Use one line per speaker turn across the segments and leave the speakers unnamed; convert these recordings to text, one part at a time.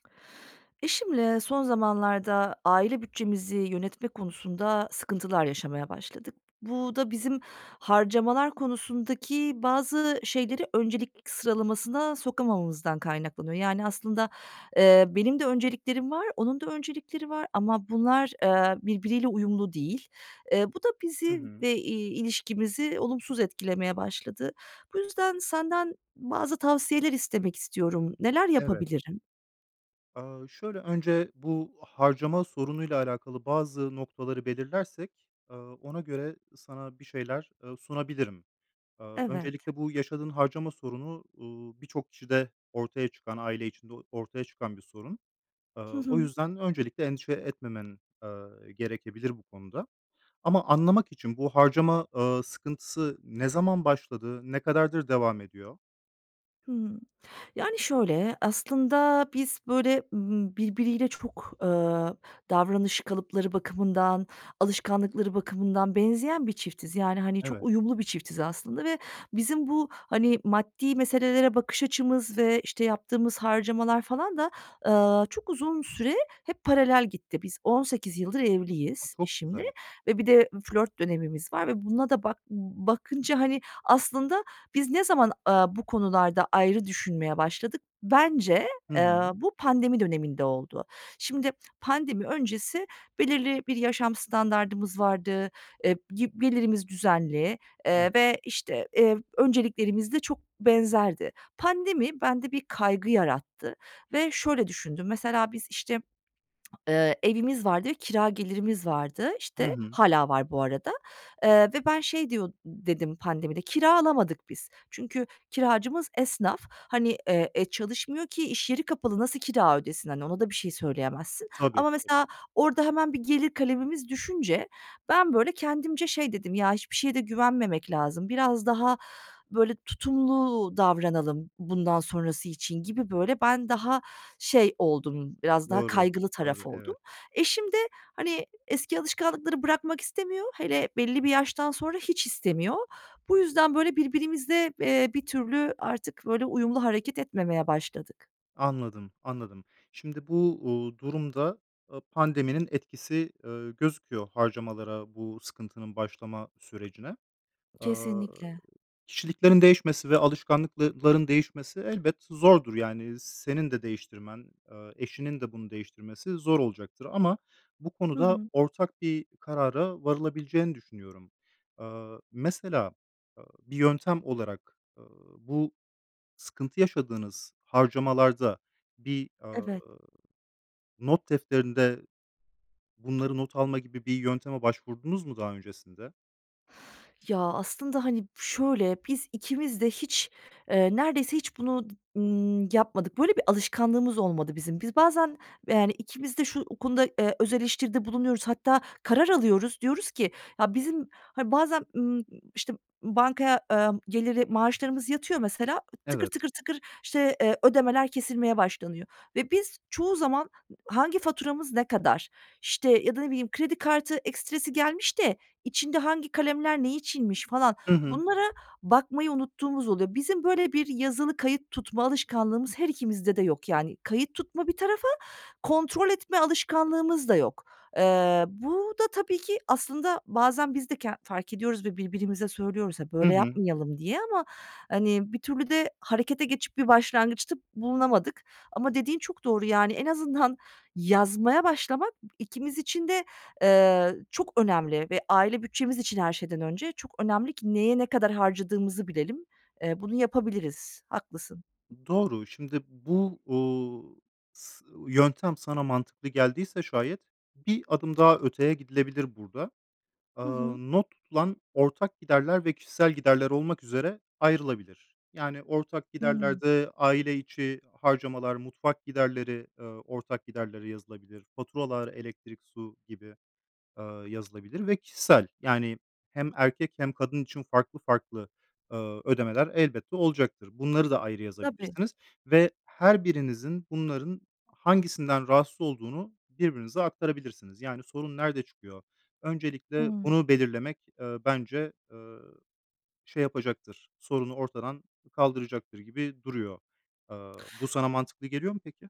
Eşimle son zamanlarda aile bütçemizi yönetme konusunda sıkıntılar yaşamaya başladık. Bu da bizim harcamalar konusundaki bazı şeyleri öncelik sıralamasına sokamamamızdan kaynaklanıyor. Yani, aslında, eee, benim de önceliklerim var, onun da öncelikleri var ama bunlar, eee, birbiriyle uyumlu değil. Eee, bu da
Hı
bizi
hı.
ve, iii, ilişkimizi olumsuz etkilemeye başladı. Bu yüzden senden bazı tavsiyeler istemek istiyorum. Neler
Evet.
yapabilirim?
Aaa, şöyle, önce bu harcama sorunuyla alakalı bazı noktaları belirlersek, aaa, ona göre sana bir şeyler, ııı, sunabilirim. Aaa,
Evet.
öncelikle bu yaşadığın harcama sorunu, uuu, birçok kişide ortaya çıkan, aile içinde o ortaya çıkan bir sorun.
Hı
Aaa, o
hı.
yüzden öncelikle endişe etmemen, eee, gerekebilir bu konuda. Ama anlamak için, bu harcama, aaa, sıkıntısı ne zaman başladı? Ne kadardır devam ediyor?
Hımm, yani, şöyle, aslında biz böyle, ımm, birbiriyle çok, eee, davranış kalıpları bakımından, alışkanlıkları bakımından benzeyen bir çiftiz. Yani, hani, çok
Evet.
uyumlu bir çiftiz aslında ve bizim bu, hani, maddi meselelere bakış açımız ve, işte, yaptığımız harcamalar falan da, eee, çok uzun süre hep paralel gitti. Biz 18 yıldır
A,
evliyiz
çok
eşimle
güzel.
ve bir de flört dönemimiz var ve buna da bak b b bakınca, hani, aslında biz ne zaman, aaa, bu konularda ayrı düşünmeye başladık? Bence,
Hı
eee,
hı.
bu pandemi döneminde oldu. Şimdi, pandemi öncesi belirli bir yaşam standardımız vardı, eee, gi gelirimiz düzenli, eee,
Evet.
ve, işte, eee, önceliklerimiz de çok benzerdi. Pandemi bende bir kaygı yarattı ve şöyle düşündüm, mesela biz, işte, eee, evimiz vardı ve kira gelirimiz vardı,
Hı
işte.
hı.
Hâlâ var bu arada. Eee, ve ben şey diyor dedim pandemide, kira alamadık biz. Çünkü kiracımız esnaf. Hani, eee, çalışmıyor ki iş yeri kapalı, nasıl kira ödesin, hani, ona da bir şey söyleyemezsin
Tabii.
ama
[unintelligible]
mesela orada hemen bir gelir kalemimiz düşünce ben, böyle, kendimce şey dedim, “Ya, hiçbir şeye de güvenmemek lazım, biraz daha, böyle tutumlu davranalım, bundan sonrası için.“ gibi, böyle, ben daha şey oldum, biraz daha
Doğru,
kaygılı
doğru.
taraf oldum.
Evet.
Eşim de, hani, eski alışkanlıkları bırakmak istemiyor, hele belli bir yaştan sonra hiç istemiyor. Bu yüzden, böyle, birbirimize, eee, bir türlü artık, böyle, uyumlu hareket etmemeye başladık.
Anladım, anladım. Şimdi bu, uuu, durumda, ııı, pandeminin etkisi, ııı, gözüküyor harcamalara, bu sıkıntının başlama sürecine. Aaa,
Kesinlikle.
kişiliklerin değişmesi ve alışkanlıklı ların değişmesi elbet zordur. Yani, senin de değiştirmen, ııı, eşinin de bunu değiştirmesi zor olacaktır ama bu
Hı
konuda
hı.
ortak bir karara varılabileceğini düşünüyorum. Iıı, mesela, ııı, bir yöntem olarak, ııı, bu sıkıntı yaşadığınız harcamalarda bir, aaa,
Evet.
not defterinde bunları not alma gibi bir yönteme başvurdunuz mu daha öncesinde?
Ya aslında, hani, şöyle, biz ikimiz de hiç, eee, neredeyse hiç bunu d ımm, yapmadık. Böyle bir alışkanlığımız olmadı bizim. Biz bazen, yani, ikimiz de şu konuda, eee, öz eleştiride bulunuyoruz. Hatta karar alıyoruz, diyoruz ki, ya bizim, hani, bazen, ımm, işte, ımm, bankaya, eee, geliri maaşlarımız yatıyor mesela, tıkır
Evet.
tıkır tıkır, işte, eee, ödemeler kesilmeye başlanıyor ve biz çoğu zaman hangi faturamız ne kadar, işte, ya da ne bileyim, kredi kartı ekstresi gelmiş de içinde hangi kalemler ne içinmiş falan
Hı hı.
bunlara bakmayı unuttuğumuz oluyor. Bizim böyle bir yazılı kayıt tutma alışkanlığımız her ikimizde de yok yani. Kayıt tutma bir tarafa, kontrol etme alışkanlığımız da yok. Eee, bu da tabii ki aslında bazen biz de ken fark ediyoruz ve birbirimize söylüyoruz ha
Hı
"Böyle
hı.
yapmayalım." diye ama, hani, bir türlü de harekete geçip bir başlangıçta bulunamadık ama dediğin çok doğru, yani, en azından yazmaya başlamak, ikimiz için de, eee, çok önemli ve aile bütçemiz için her şeyden önce çok önemli ki neye ne kadar harcadığımızı bilelim. Eee, bunu yapabiliriz. Haklısın.
Doğru. Şimdi bu, uuu, s yöntem sana mantıklı geldiyse şayet, 1 adım daha öteye gidilebilir burada.
Hı
Aaa,
hı.
not tutulan ortak giderler ve kişisel giderler olmak üzere ayrılabilir. Yani, ortak
Hı hı.
giderlerde aile içi harcamalar, mutfak giderleri, eee, ortak giderlere yazılabilir; faturalar, elektrik, su gibi, eee, yazılabilir ve kişisel, yani hem erkek hem kadın için farklı farklı, eee, ödemeler elbette olacaktır. Bunları da ayrı
Tabii.
yazabilirsiniz ve her birinizin bunların hangisinden rahatsız olduğunu birbirinize aktarabilirsiniz. Yani, sorun nerede çıkıyor? Öncelikle
Hıı.
bunu belirlemek, eee, bence, eee şey yapacaktır, sorunu ortadan kaldıracaktır gibi duruyor. Eee, bu sana mantıklı geliyor mu peki?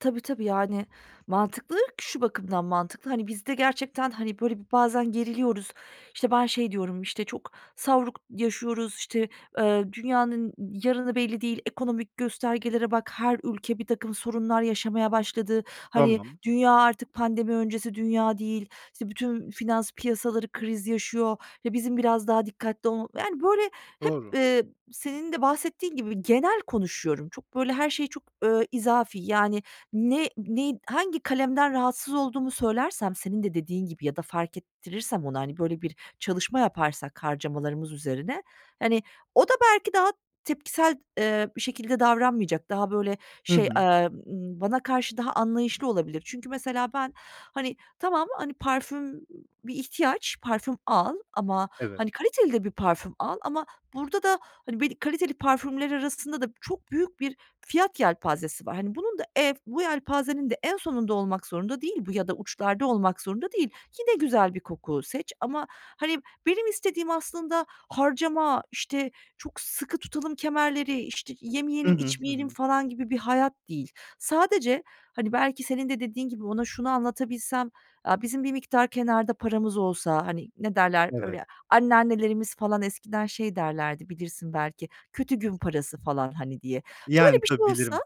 Tabii, tabii. Yani, mantıklı ki şu bakımdan mantıklı, hani, biz de gerçekten, hani, böyle, bir bazen geriliyoruz, işte, ben şey diyorum: "İşte, çok savruk yaşıyoruz, işte, eee, dünyanın yarını belli değil, ekonomik göstergelere bak, her ülke birtakım sorunlar yaşamaya başladı, hani,
Tamam.
dünya artık pandemi öncesi dünya değil, işte, bütün finans piyasaları kriz yaşıyor ve bizim biraz daha dikkatli ol" Yani, böyle, hep,
Doğru.
eee, senin de bahsettiğin gibi genel konuşuyorum. Çok, böyle, her şey çok, eee, izafi. Yani, ne neyin hangi kalemden rahatsız olduğumu söylersem senin de dediğin gibi ya da fark ettirirsem ona, hani, böyle, bir çalışma yaparsak harcamalarımız üzerine, hani, o da belki daha tepkisel, eee, bir şekilde davranmayacak, daha, böyle,
Hı
şey,
hı.
eee, ımm, bana karşı daha anlayışlı olabilir. Çünkü, mesela, ben, hani, tamam, hani, parfüm bir ihtiyaç, parfüm al ama,
Evet.
hani, kaliteli de bir parfüm al ama burada da, hani, belli kaliteli parfümler arasında da çok büyük bir fiyat yelpazesi var. Hani, bunun da ev, bu yelpazenin de en sonunda olmak zorunda değil bu ya da uçlarda olmak zorunda değil. Yine güzel bir koku seç ama, hani, benim istediğim aslında harcama, işte, çok sıkı tutalım kemerleri, işte,
Hı
yemeyelim,
hı. Hı
içmeyelim,
hı.
falan, gibi bir hayat değil. Sadece, hani, belki senin de dediğin gibi ona şunu anlatabilsem: Aaa, bizim bir miktar kenarda paramız olsa. Hani, ne derler?
Evet.
Öyle, anneannelerimiz falan eskiden şey derlerdi, bilirsin belki, kötü gün parası falan hani, diye.
Yani,
Böyle, bir şey
tabii.
olsa,
Bilirim.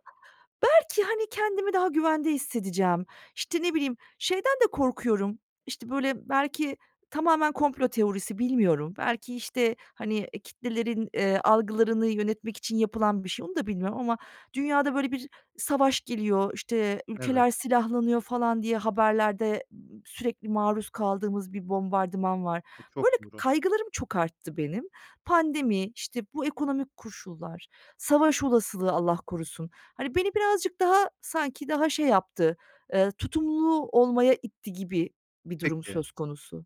belki, hani, kendimi daha güvende hissedeceğim. İşte, ne bileyim, şeyden de korkuyorum, işte, böyle, belki tamamen komplo teorisi, bilmiyorum. Belki, işte, hani, eee, kitlelerin, eee, algılarını yönetmek için yapılan bir şey, onu da bilmiyorum ama dünyada, böyle, bir savaş geliyor, işte,
Evet.
ülkeler silahlanıyor falan diye haberlerde sürekli maruz kaldığımız bir bombardıman var.
E,
Böyle
çok doğru.
kaygılarım çok arttı benim. Pandemi, işte, bu ekonomik koşullar, savaş olasılığı Allah korusun. Hani, beni birazcık daha sanki daha şey yaptı, eee, tutumlu olmaya itti gibi bir durum
Peki.
söz konusu.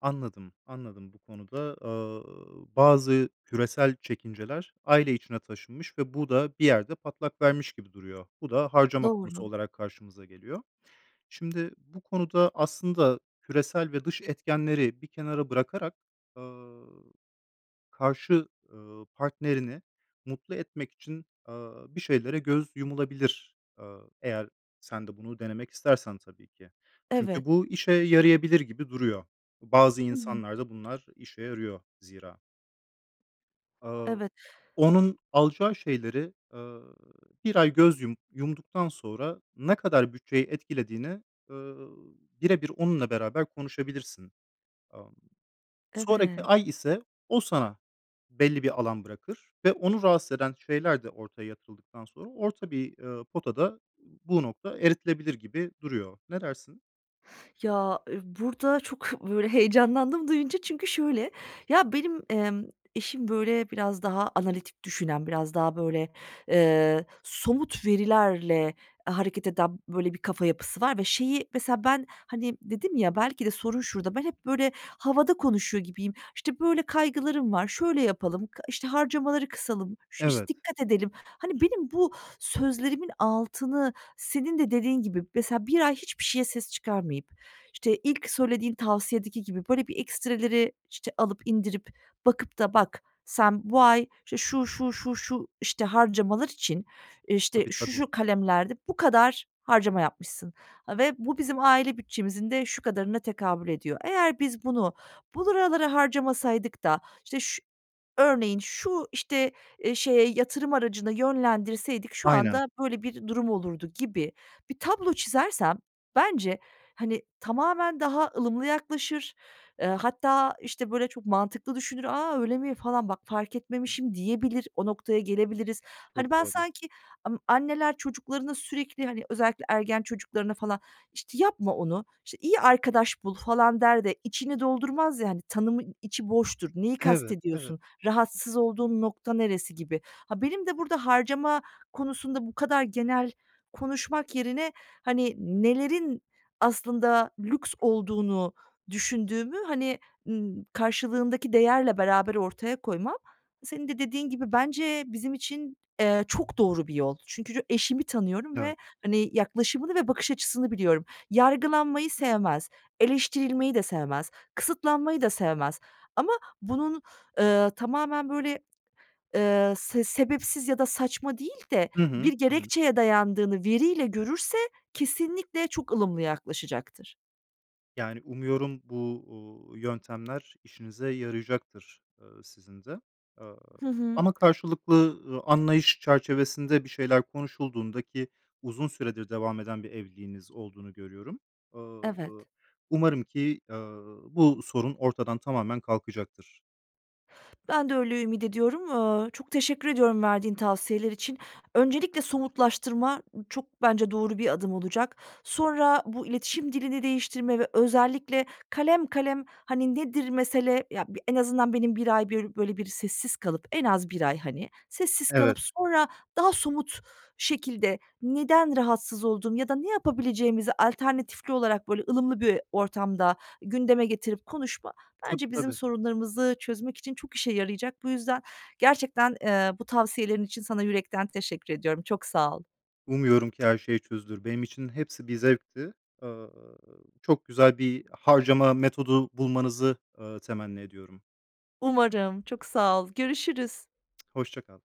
Anladım, anladım. Bu konuda, eee, bazı küresel çekinceler aile içine taşınmış ve bu da bir yerde patlak vermiş gibi duruyor. Bu da harcama konusu
Doğru.
olarak karşımıza geliyor. Şimdi bu konuda aslında küresel ve dış etkenleri bir kenara bırakarak, ııı, karşı, ııı partnerini mutlu etmek için, eee, bir şeylere göz yumulabilir. Eee, eğer sen de bunu denemek istersen tabii ki. Çünkü
Evet.
bu işe yarayabilir gibi duruyor. Bu, bazı
I hı.
insanlar da bunlar işe yarıyor zira. Aaa,
Evet.
onun alacağı şeylere, eee, 1 ay göz yum yumduktan sonra, ne kadar bütçeyi etkilediğini, eee, bire bir onunla beraber konuşabilirsin. Amm. Sonraki
Evet.
ay ise o sana belli bir alan bırakır ve onu rahatsız eden şeyler de ortaya yatırıldıktan sonra orta bir, eee, potada bu nokta eritilebilir gibi duruyor. Ne dersin?
Ya, eee, burada çok, böyle, heyecanlandım duyunca çünkü şöyle, ya, benim, emm, eşim, böyle, biraz daha analitik düşünen, biraz daha, böyle, eee, somut verilerle hareket eden, böyle, bir kafa yapısı var ve şeyi mesela, ben, hani, dedim ya, belki de sorun şurada, ben hep böyle havada konuşuyor gibiyim. "İşte, böyle kaygılarım var, şöyle yapalım, kı işte, harcamaları kısalım, şu işte,
Evet.
dikkat edelim." Hani, benim bu sözlerimin altını, senin de dediğin gibi, mesela 1 ay hiçbir şeye ses çıkarmayıp, işte, ilk söylediğin tavsiyedeki gibi, böyle, bir ekstreleri, işte, alıp indirip bakıp da "Bak, sen bu ay, işte, şu şu şu şu, işte, harcamalar için, eee, işte,
Tabii,
şu
tabii.
şu kalemlerde bu kadar harcama yapmışsın. Ha, ve bu bizim aile bütçemizin de şu kadarına tekabül ediyor. Eğer biz bunu buralara harcamasaydık da, işte, şu örneğin şu, işte, eee, şeye yatırım aracına yönlendirseydik şu
Aynen.
anda böyle bir durum olurdu." gibi bir tablo çizersem bence, hani, tamamen daha ılımlı yaklaşır. Eee, hatta, işte, böyle, çok mantıklı düşünür, "A, öyle mi?" falan "Bak fark etmemişim." diyebilir, o noktaya gelebiliriz. Hani,
Çok
ben
doğru.
sanki, amm, anneler çocuklarına sürekli, hani, özellikle ergen çocuklarına falan, işte, "Yapma onu, işte, iyi arkadaş bul." falan der de, içini doldurmaz ya, hani, tanımın içi boştur, "Neyi
H evet, evet.
kastediyorsun, rahatsız olduğun nokta neresi?" gibi. Ha, benim de burada harcama konusunda bu kadar genel konuşmak yerine, hani, nelerin aslında lüks olduğunu düşündüğümü, hani, ııı, karşılığındaki değerle beraber ortaya koymam, senin de dediğin gibi bence bizim için, eee, çok doğru bir yol. Çünkü ço eşimi tanıyorum ve,
Evet.
hani, yaklaşımını ve bakış açısını biliyorum. Yargılanmayı sevmez, eleştirilmeyi de sevmez, kısıtlanmayı da sevmez ama bunun, eee, tamamen böyle, eee, se sebepsiz ya da saçma değil de
Hı hı,
bir
ı hı.
gerekçeye dayandığını veriyle görürse, kesinlikle çok ılımlı yaklaşacaktır.
Yani, umuyorum bu, uuu, yöntemler işinize yarayacaktır, eee, sizin de. Aaa,
Hı hı.
ama karşılıklı, ııı, anlayış çerçevesinde bir şeyler konuşulduğunda, ki uzun süredir devam eden bir evliliğiniz olduğunu görüyorum, aaa, ııı,
Evet.
umarım ki, aaa, bu sorun ortadan tamamen kalkacaktır.
Ben de öyle ümit ediyorum. Aaa, çok teşekkür ediyorum verdiğin tavsiyeler için. Öncelikle somutlaştırma, ı çok bence doğru bir adım olacak. Sonra bu iletişim dilini değiştirme ve özellikle kalem kalem, hani, nedir mesele, ya, bir en azından benim 1 ay, börü böyle, bir sessiz kalıp en az 1 ay, hani, sessiz
Evet.
kalıp sonra daha somut şekilde neden rahatsız oldum ya da ne yapabileceğimizi alternatifli olarak, böyle, ılımlı bir ortamda gündeme getirip konuşma,
Tabii,
bence bizim
tabii.
sorunlarımızı çözmek için çok işe yarayacak. Bu yüzden gerçekten, eee, bu tavsiyelerin için sana yürekten teşekkür ediyorum. Çok sağ ol.
Umuyorum ki her şeyi çözülür. Benim için hepsi bir zevkti. Aaa, çok güzel bir harcama metodu bulmanızı, aaa, temenni ediyorum.
Umarım, çok sağ ol. Görüşürüz.
Hoşça kal.